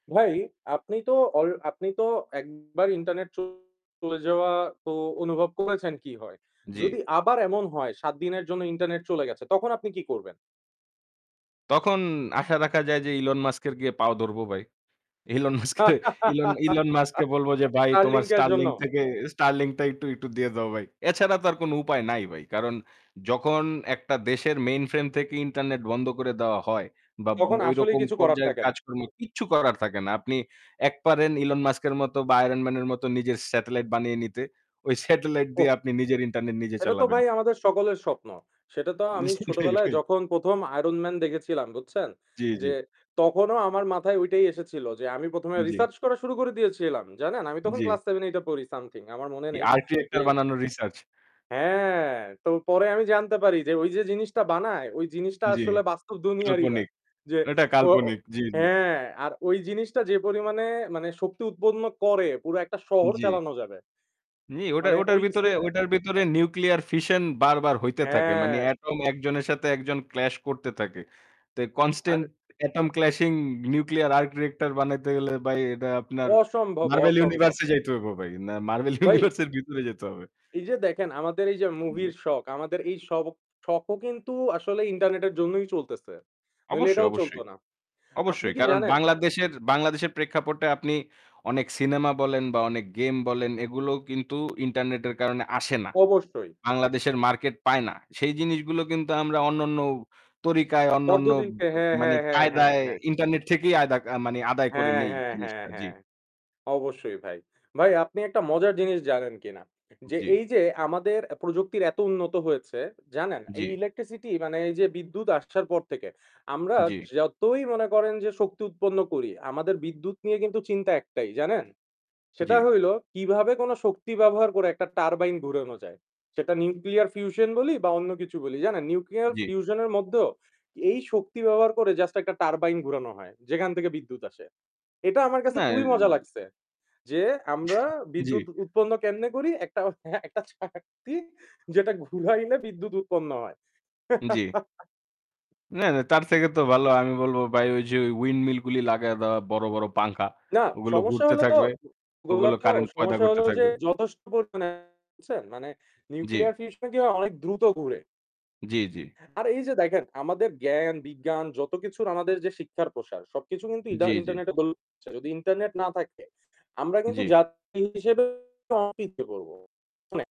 ভাই, আপনি তো অল আপনি তো একবার ইন্টারনেট চলে, যাওয়া তো অনুভব করেছেন কী হয়। যদি জি। আবার এমন হয় ৭ দিনের জন্য ইন্টারনেট চলে গেছে তখন আপনি কী করবেন? তখন আশা রাখা যায় যে Elon Musk-এর গিয়ে পাও ধরবো ভাই। Elon Musk কে, Elon, Elon Musk কে বলব যে ভাই তোমার Starlink-এর জন্য? Starlink থেকে Starlink-টা একটু, একটু দিয়ে দাও ভাই। এছাড়া তো আর কোন উপায় নাই ভাই। কারণ যখন একটা দেশের mainframe থেকে internet বন্ধ করে দেওয়া হয় বাব তখন ওই আসলেই রকম কিছু করার পর্যায়ের থাকে না। কাজকর্ম কিচ্ছু করার থাকে না। আপনি এক পারেন Elon Musk-এর মতো বা Iron Man-এর মতো নিজের satellite বানিয়ে নিতে। ওই satellite দিয়ে ওহ! আপনি নিজের internet নিজে সেটা তো চালাবেন। ভাই আমাদের সকলের স্বপ্ন। সেটা তো উম আমি সেঠাই, ছোটবেলায় এঠাই। যখন ১ম, Iron Man দেখেছিলাম বুঝছেন? জি, জি। যে তখনও আমার মাথায় ওইটাই এসেছিল যে আমি ১ম, এ জি। research করা শুরু করে দিয়েছিলাম। জানেন, আমি তখন জি। class 7-8 এ পড়ি something আমার মনে নেই। Arc যে reactor বানানোর research। হ্যাঁ, তো পরে আমি জানতে পারি যে ওই যে জিনিসটা বানায় ওই জিনিসটা জি। আসলে বাস্তব দুনিয়ারই না। কাল্পনিক। যে এটা ও কাল্পনিক। জি, জি। হ্যাঁ, আর ওই জিনিসটা যে পরিমাণে মানে শক্তি উৎপন্ন করে পুরা একটা শহর জি। চালানো যাবে। নি ওটার, মানে ওটার ওই ছে ভিতরে, ওটার ভিতরে nuclear fission বারবার হইতে থাকে। মানে হ্যাঁ। atom একজনের সাথে একজন clash করতে থাকে। তো আর constant atom clashing nuclear arc reactor বানাইতে গেলে ভাই এটা আপনার অসম্ভব, Marvel অসম্ভব। universe-এ যাইতে হইবো ভাই। না Marvel ভাই? universe-এর ভিতরে যেতে হবে। এই যে দেখেন আমাদের এই যে মুভির জি। শখ, আমাদের এই শখ, শখও কিন্তু আসলে ইন্টারনেটের জন্যই চলতেছে। নইলে অবশ্যই, এটাও চলত অবশ্যই, না। আপনি অবশ্যই। কি কারণ জানেন? বাংলাদেশের, বাংলাদেশের প্রেক্ষাপটে আপনি অনেক সিনেমা বলেন বা অনেক game বলেন এগুলো কিন্তু internet-এর কারণে আসে না। অবশ্যই। বাংলাদেশের market পায় না। সেই জিনিসগুলো কিন্তু আমরা অন্যান্য তরিকায়, অন্যান্য পদ্মদিনকে হ্যাঁ, মানে হ্যাঁ, হ্যাঁ, হ্যাঁ, কায়দায় হ্যাঁ। internet থেকেই আদা মানে আদায় করে হ্যাঁ, নেই হ্যাঁ, হ্যাঁ, জিনিসটা। জি। হ্যাঁ। অবশ্যই ভাই। ভাই আপনি একটা মজার জিনিস জানেন কিনা? যে জি। এই যে আমাদের অ্যা প্রযুক্তির এত উন্নত হয়েছে জানেন? জি। এই electricity মানে এই যে বিদ্যুৎ আসার পর থেকে আমরা জি। যতই মনে করেন যে শক্তি উৎপন্ন করি আমাদের বিদ্যুৎ নিয়ে কিন্তু চিন্তা একটাই জানেন? সেটা জি। হইল কিভাবে কোন শক্তি ব্যবহার করে একটা turbine ঘুরানো যায়। সেটা nuclear fusion বলি বা অন্য কিছু বলি জানেন nuclear জি। fusion-এর মধ্যেও এই শক্তি ব্যবহার করে just একটা turbine ঘুরানো হয় যেখান থেকে বিদ্যুৎ আসে। এটা আমার কাছে না খুবই এর মজা লাগছে। যে আমরা বিদ্যুৎ জি। উৎপন্ন কেমনে করি একটা, একটা চাকতি যেটা ঘুরাইলে বিদ্যুৎ উৎপন্ন হয়। জি। না, না তার থেকে তো ভালো আমি বলব ভাই ওই যে ওই windmill গুলো লাগায়া দেওয়া বড়, বড় পাঙ্খা না, ওগুলো সমস্যা ঘুরতে হইল তো থাকবে। ওগুলা ওগুলো তো current তৈরি সমস্যা করতে হইলো যে থাকবে। যথেষ্ট পরিমাণে বুঝছেন? মানে nuclear জি। fusion কি হয় অনেক দ্রুত ঘুরে। জি, জি। আর এই যে দেখেন আমাদের জ্ঞান, বিজ্ঞান যত কিছুর আমাদের যে শিক্ষার প্রসার সবকিছু কিন্তু ইদা জি, জি। ইন্টারনেটের [unintelligible] যদি ইন্টারনেট না থাকে আমরা কিন্তু জি। জাতি হিসেবে অ [unintelligible] পড়ব। অনেক।